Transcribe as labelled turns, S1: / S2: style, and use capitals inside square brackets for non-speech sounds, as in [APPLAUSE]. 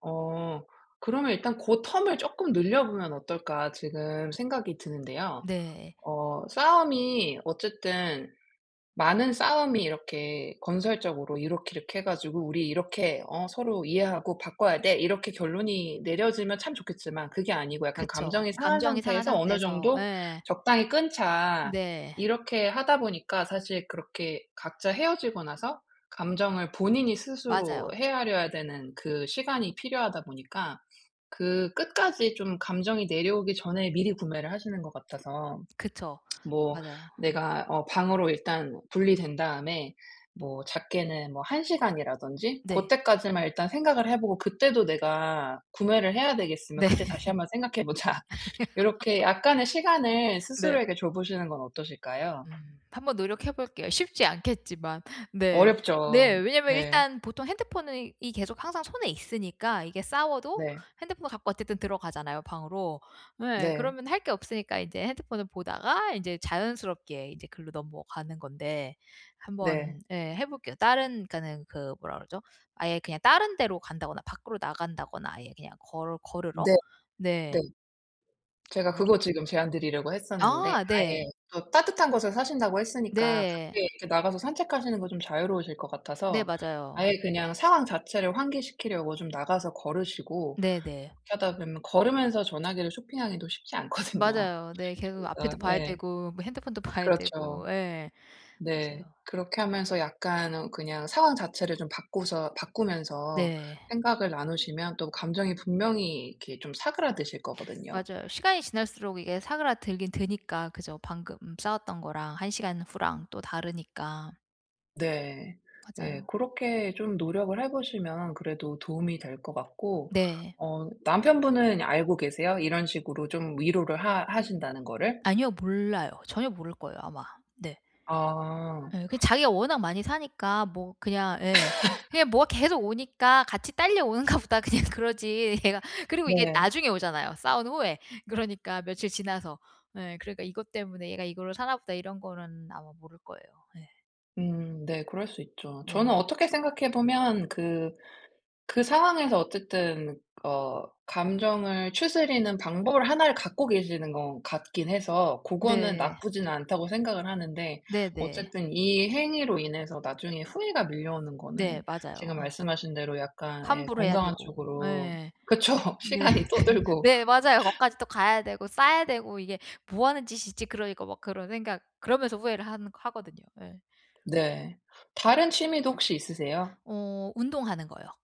S1: 어. 그러면 일단 '고 텀을 조금 늘려보면 어떨까?' 지금 생각이 드는데요.
S2: 네.
S1: 어 싸움이 어쨌든 많은 싸움이 이렇게 건설적으로 이렇게 이렇게 해 가지고 "우리 이렇게 어 서로 이해하고 바꿔야 돼." 이렇게 결론이 내려지면 참 좋겠지만 그게 아니고 약간
S2: 그쵸.
S1: 감정이 상한
S2: 감정이 상한
S1: 상태에서 어느
S2: 상태에서
S1: 정도
S2: 예.
S1: "적당히 끊자."
S2: 네.
S1: 이렇게 하다 보니까 사실 그렇게 각자 헤어지고 나서 감정을 본인이 스스로
S2: 맞아요.
S1: 헤아려야 되는 그 시간이 필요하다 보니까 그 끝까지 좀 감정이 내려오기 전에 미리 구매를 하시는 것 같아서.
S2: 그쵸.
S1: [SMACKS LIPS] 뭐
S2: 맞아요. 음.
S1: 내가 어 방으로 일단 분리된 다음에 뭐 작게는 뭐 1 시간이라든지 고
S2: 네.
S1: 때까지만 일단 생각을 해 보고 그때도 내가 구매를 해야 되겠으면
S2: 네.
S1: 그때 다시 한번 생각해 보자. 요렇게 약간의 시간을
S2: [LAUGHS] 네.
S1: 스스로에게 줘 보시는 건 어떠실까요?
S2: 음 한번 노력해 볼게요. 쉽지 않겠지만. 네. 네.
S1: 어렵죠.
S2: 왜냐하면
S1: 네.
S2: 일단 보통 핸드폰이 이 계속 항상 손에 있으니까 이게 싸워도
S1: 네.
S2: 핸드폰을 갖고 어쨌든 들어가잖아요, 방으로. 예.
S1: 네.
S2: 그러면 할 게 없으니까 이제 핸드폰을 보다가 인제 자연스럽게 이제 글로 넘어가는 건데
S1: 네.
S2: 한번 예, 해볼게요. 다른 그러니까는 그 뭐라 그러죠? 아예 그냥 다른 데로 간다거나 밖으로 나간다거나 아예 그냥 걸어 걸으러.
S1: 네.
S2: 네.
S1: 네. 제가
S2: [SMACKS LIPS]
S1: 그거
S2: [UNINTELLIGIBLE]
S1: 지금 제안 드리려고 했었는데
S2: 아. 네.
S1: 아예 또 따뜻한 곳에 사신다고 했으니까
S2: 네.
S1: 밖에 이렇게 나가서 산책하시는 거 좀 자유로우실 것
S2: 네.
S1: 같아서
S2: 맞아요.
S1: 아예 그냥 상황 자체를 환기시키려고 좀 나가서 걸으시고
S2: 네네.
S1: 그렇게 하다 보면 걸으면서 전화기를 쇼핑하기도 쉽지 않거든요.
S2: 맞아요. 네. 계속 앞에도
S1: 그러니까
S2: 봐야
S1: 예.
S2: 되고 뭐 핸드폰도 봐야
S1: 그렇죠.
S2: 되고. 예. 맞아요.
S1: 네. 그렇게 하면서 약간 그냥 상황 자체를 좀 바꾸서 바꾸면서
S2: 네.
S1: 생각을 나누시면 또 감정이 분명히 이렇게 좀 사그라드실 거거든요.
S2: 맞아요. 시간이 지날수록 이게 사그라들긴 드니까. 그죠. 방금 싸웠던 거랑 1 시간 후랑 또 다르니까.
S1: 네. 네.
S2: 맞아요.
S1: 고렇게 좀 노력을 해 보시면 그래도 도움이 될 것 같고.
S2: 네.
S1: 어 남편분은 알고 계세요? 이런 식으로 좀 위로를 하 하신다는 거를?
S2: 아니요. 몰라요. 전혀 모를 거예요, 아마. 네.
S1: 아.
S2: 예. 그 자기가 워낙 많이 사니까 뭐 그냥 예.
S1: [LAUGHS]
S2: 그냥 뭐가 계속 오니까 '같이 딸려오는가 보다.' 그냥 그러지. 얘가. 그리고 이게
S1: 네.
S2: 나중에 오잖아요, 싸운 후에. 그러니까 며칠 지나서. 예. 그러니까 '이것 때문에 얘가 이거를 사나 보다.' 이런 거는 아마 모를 거예요. 예.
S1: 음. 네. 그럴 수 있죠. 저는
S2: 네.
S1: 어떻게 생각해 보면 그 그 상황에서 어쨌든 어 감정을 추스리는 방법을 하나를 갖고 계시는 것 같긴 해서 고거는
S2: 네.
S1: 나쁘지는 않다고 생각을 하는데
S2: 네네.
S1: 어쨌든 이 행위로 인해서 나중에 후회가 밀려오는 거는
S2: 네. 맞아요.
S1: 지금
S2: 예.
S1: 말씀하신 대로 약간 예,
S2: 환불해야
S1: 건강한
S2: 되고.
S1: 쪽으로
S2: 예.
S1: 그쵸.
S2: 네.
S1: 시간이 또
S2: [LAUGHS]
S1: 들고.
S2: 네. 맞아요.
S1: [LAUGHS]
S2: 거기까지 또 가야 되고 싸야 되고 '이게 뭐하는 짓이지?' 그러니까 막 그런 생각 그러면서 후회를 하는 하거든요. 예.
S1: 네. 다른 취미도 혹시 있으세요?
S2: 어 운동하는 거요.